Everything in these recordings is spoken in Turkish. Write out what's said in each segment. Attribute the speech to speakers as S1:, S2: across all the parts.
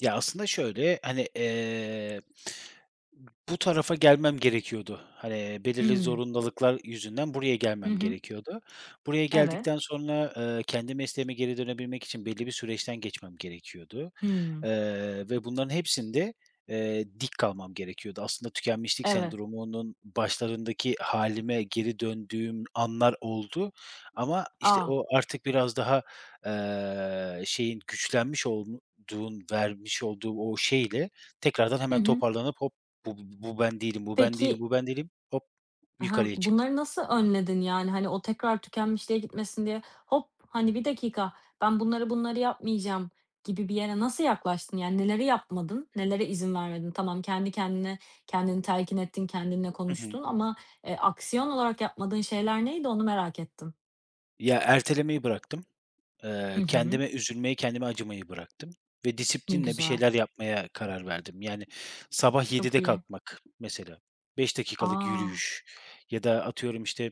S1: Ya aslında şöyle, hani, eee, bu tarafa gelmem gerekiyordu. Hani, belirli
S2: Imm.
S1: zorunluluklar yüzünden buraya
S2: Hı
S1: gelmem
S2: hı.
S1: gerekiyordu. Buraya
S2: Evet.
S1: geldikten sonra, eee, kendi mesleğime geri dönebilmek için belli bir süreçten geçmem gerekiyordu,
S2: Hımm.
S1: eee, ve bunların hepsinde, eee, dik kalmam gerekiyordu. Aslında tükenmişlik
S2: Eve
S1: sendromunun başlarındaki hâlime geri döndüğüm anlar oldu ama işte
S2: A!
S1: o artık biraz daha, eee, şeyin, güçlenmiş olduğun vermiş olduğu o şeyle, tekrardan
S2: Hı
S1: hemen
S2: hı.
S1: toparlanıp, "Hop! Bu bu bu bu ben değilim, bu ben değilim,
S2: Peki
S1: bu ben değilim. Hop!"
S2: Ha,
S1: yukarıya çıktım.
S2: bunları nasıl önledin yani, hani, o tekrar tükenmişliğe gitmesin diye "Hop!" hani, "Bir dakika, ben bunları bunları yapmayacağım." gibi bir yere nasıl yaklaştın, yani neleri yapmadın, nelere izin vermedin? Tamam, kendi kendine, kendini telkin ettin, kendinle
S1: Hı hı.
S2: konuştun ama, eee, aksiyon olarak yapmadığın şeyler neydi, onu merak ettim.
S1: Ya, ertelemeyi bıraktım. Eee,
S2: Hı hı.
S1: kendime üzülmeyi, kendime acımayı bıraktım ve
S2: Ne
S1: disiplinle bir
S2: güzel.
S1: şeyler yapmaya karar verdim. Yani, sabah
S2: Çok
S1: 07.00'de
S2: iyi.
S1: kalkmak mesela, 5 dakikalık
S2: A!
S1: yürüyüş ya da atıyorum işte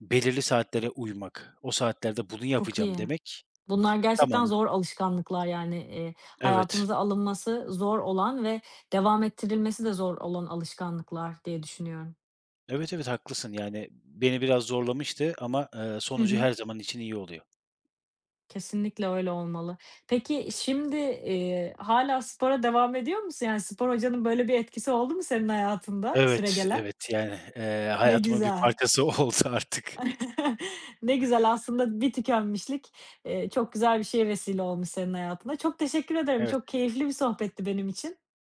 S1: belirli saatlere uymak, o saatlerde bunu
S2: Çok
S1: yapacağım
S2: iyi.
S1: demek,
S2: Bunlar gerçekten
S1: tamamı.
S2: zor alışkanlıklar yani, eee,
S1: Evet.
S2: hayatımıza alınması zor olan ve devam ettirilmesi de zor olan alışkanlıklar, diye düşünüyorum.
S1: Evet, evet, haklısın. Yani, beni biraz zorlamıştı ama, eee,
S2: Hı
S1: sonucu
S2: hı.
S1: her zaman için iyi oluyor.
S2: Kesinlikle öyle olmalı. Peki, şimdi, eee, hâlâ spora devam ediyor musun? Yani, spor hocanın böyle bir etkisi oldu mu senin hayatında,
S1: Evet,
S2: süregelen?
S1: evet. Yani, eee,
S2: Ne
S1: hayatımın bir
S2: güzel.
S1: parçası oldu artık.
S2: Ne güzel, aslında di tükenmişlik, eee, çok güzel bir şeye vesile olmuş senin hayatında. Çok teşekkür ederim,
S1: Evet.
S2: çok keyifli bir sohbetti benim için.